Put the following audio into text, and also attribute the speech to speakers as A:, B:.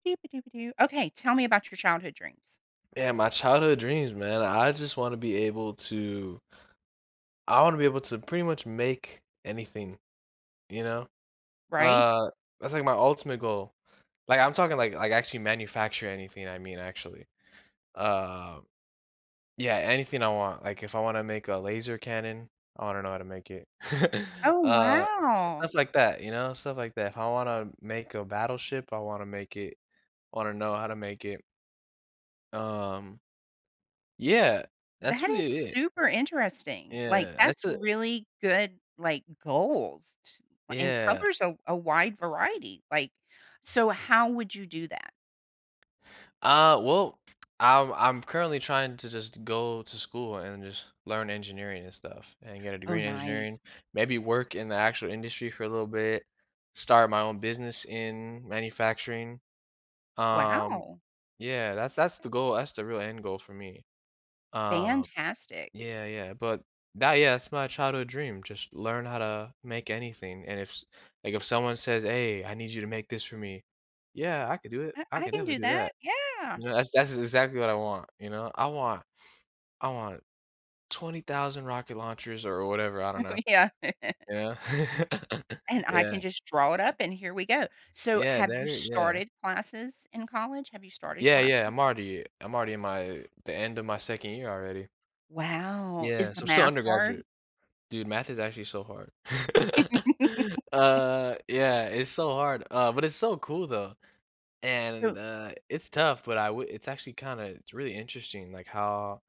A: Okay, tell me about your childhood dreams.
B: Yeah, my childhood dreams, man, I just want to be able to I want to be able to pretty much make anything, you know,
A: Right?
B: uh, that's, like, my ultimate goal, like, I'm talking, like like, actually manufacture anything I mean actually, uh yeah, anything I want. Like, if I want to make a laser cannon, I wanna know how to make it.
A: Oh,
B: Uh,
A: wow.
B: stuff like that, you know, stuff like that. If I wanna make a battleship, I wanna make it. I wanna know how to make it. Um yeah, that's
A: That is
B: really it.
A: super interesting. Like,
B: Yeah, that's
A: that's
B: a, eh
A: really good, like, goals ts and
B: Yeah.
A: covers a a wide variety, like, so how would you do that?
B: Uh, well, I'm I'm currently trying to just go to school and just learn engineering and stuff and get a
A: Oh,
B: degree in
A: nice.
B: engineering, maybe work in the actual industry for a little bit, start my own business in manufacturing, um,
A: Wow.
B: yeah, that's that's the goal that's the real end goal for me. Um,
A: Fantastic.
B: yeah, yeah, but that yeah, that's my childhood dream, just learn how to make anything and if s like, if someone says, "Hey I need you to make this for me," "Yeah, I could do it,
A: I
B: I
A: I
B: can
A: can
B: definitely
A: do
B: do that."
A: that, yeah.
B: You know, that's that's exactly what I want, you know, "I want I want 20,000 rocket launchers," or whatever, I
A: Oh,
B: don't know,
A: yeah.
B: you know?
A: And I
B: Yeah.
A: can just draw it up and here we go. So
B: Yeah,
A: have you
B: that i yeah.
A: started classes in college? Have you started
B: Yeah, yeah,
A: classes?
B: I'm already I'm already in my the end of my 2nd year already.
A: Wow, is
B: Yeah,
A: the
B: so I'm still
A: math hard?
B: undergraduate. Dude, math is actually so hard. Uh, yeah, it's so hard, uh, but it's so cool, though, and,
A: So
B: uh, it's tough, but I would it's actually kind of it's really interesting like how